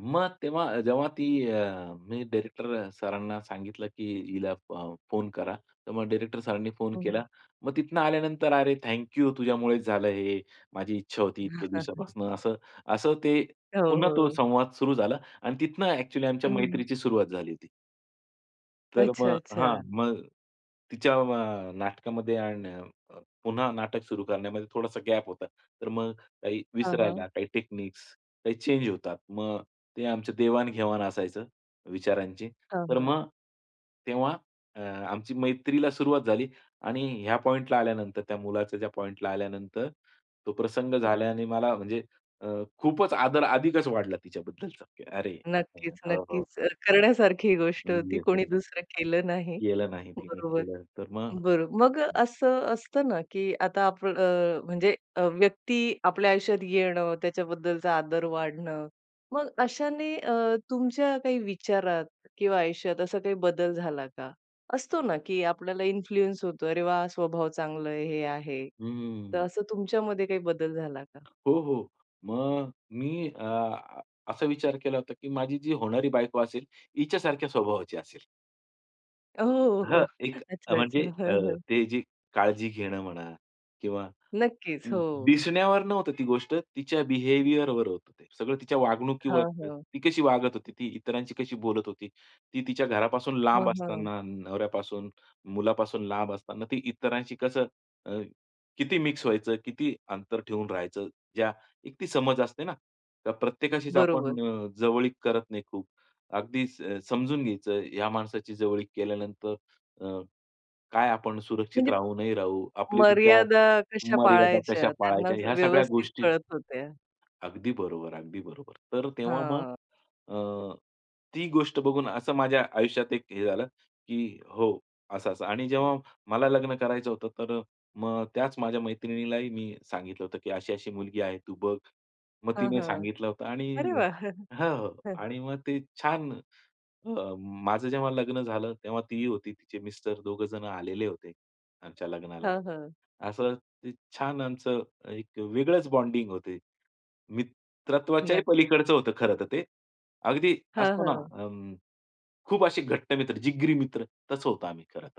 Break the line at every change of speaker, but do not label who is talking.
मग तेव्हा जेव्हा ती अ, मी डायरेक्टर सरांना सांगितलं की हिला अ, फोन करा. तर मग डायरेक्टर सरांनी फोन
हो, हो.
केला. मग तिथनं आल्यानंतर "अरे थँक यू तुझ्यामुळेच झालं हे, माझी इच्छा होती इतक्या दिवसापासून," असं. असं ते
हो,
पुन्हा तो
हो.
संवाद सुरू झाला आणि तिथनं ॲक्चुअली आमच्या
हं.
मैत्रीची सुरुवात झाली होती. तर मग हां,
अच्छा-अच्छा.
मग तिच्या अ, नाटकामध्ये आणि अ, पुन्हा नाटक सुरू करण्यामध्ये थोडासा गॅप होता. तर मग काही
हां, हां.
विसरायला, काही टेक्निक्स, काही चेंज होतात. मग ते आमचं देवाण-घेवाण असायचं विचारांची.
हां,
तर
हां.
मग तेव्हा अ, आमची मैत्रीला सुरुवात झाली आणि ह्या पॉइंटला आल्यानंतर त्या मुलाच्या ज्या पॉइंटला आल्यानंतर तो प्रसंग झाल्याने मला म्हणजे अ, खूपच आदर अधिकच वाढला तिच्याबद्दलचा, की अरे
नक्कीच,
हो, हो.
नक्कीच. अ, करण्यासारखी ही गोष्ट
मूडी
होती कोणी
असेल ती.
दुसरं केलं नाही.
केलं नाही तिने,
बरोबर.
केलं तर मग
बरो मग
हं.
असं असतं ना की आता आपल अ, म्हणजे अ, व्यक्ती आपल्या आयुष्यात येणं त्याच्याबद्दलचा आदर वाढणं. मग अशाने अ, तुमच्या काही विचारात किंवा आयुष्यात असा काही बदल झाला का? असतो ना की आपल्याला इन्फ्लुअन्स होतो अरे वाह! स्वभाव चांगलं आहे, हे आहे. तर
हम्म.
असं तुमच्यामध्ये काही बदल झाला का?
हो, हो. मग मी अ, असा विचार केला होता की माझी जी होणारी बायको असेल, हिच्या सारख्या स्वभावाची असेल.
हो, हो,
हां,
हो.
एक अ,
अच्छा
म्हणजे
अच्छा.
अ,
हां, हां.
ते जे काळजी घेणं म्हणा किंवा अ,
नक्कीच. हो.
दिसण्यावर नव्हतं ती गोष्ट. तिच्या बिहेवियरवर होतं ते. सगळं तिच्या वागणुकीवर,
हां, हां.
ती कशी वागत होती, ती इतरांशी कशी बोलत होती. ती तिच्या घरापासून लांब
हां, हां.
असताना, नवऱ्यापासून, मुलापासून लांब असताना ती इतरांशी कसं, अ, किती मिक्स व्हायचं, किती अंतर ठेवून राहायचं? ज्या एक ती समज असते ना, त्या प्रत्येकाशीच
बरोबर.
आपण अ, जवळीक करत नाही खूप. अगदीच समजून घ्यायचं या माणसाची जवळीक केल्यानंतर अ, काय आपण सुरक्षित
म्हणजे
राहू, नाही राहू, आपले विचार
मर्यादा कशा
मर्यादा कशा
पाळायच्या त्यांना
पाळायच्या? ह्या सगळ्या
व्यवस्थित
गोष्टी
कळत होत्या.
अगदी बरोबर. अगदी बरोबर. तर तेव्हा मग
हां.
अ, ती गोष्ट बघून असं माझ्या आयुष्यात एक हे झालं की हो असं-असं आणि जेव्हा मला लग्न करायचं होतं. तर अ, मग त्याच माझ्या मैत्रिणीलाही मी सांगितलं होतं की अशी-अशी मुलगी आहे तू बघ. मग
हां,
तिने
हां.
सांगितलं होतं आणि
अरे वाह!
हां, हो.
हां.
आणि मग ते छान अ, माझं जेव्हा लग्न झालं, तेव्हा तीही होती तिचे मिस्टर दोघे जण आलेले होते, आमच्या लग्नाला.
हां, हां.
असं ते छान आमचं एक वेगळंच बॉन्डिंग होती. मित्रत्वाच्याही
नक्कीच.
पलीकडचं होतं खरं तर ते. अगदी
हां,
असतो ना
हां.
अ, खूप असे घट्ट मित्र, जिगरी मित्र तसं होतो आम्ही खरं तर.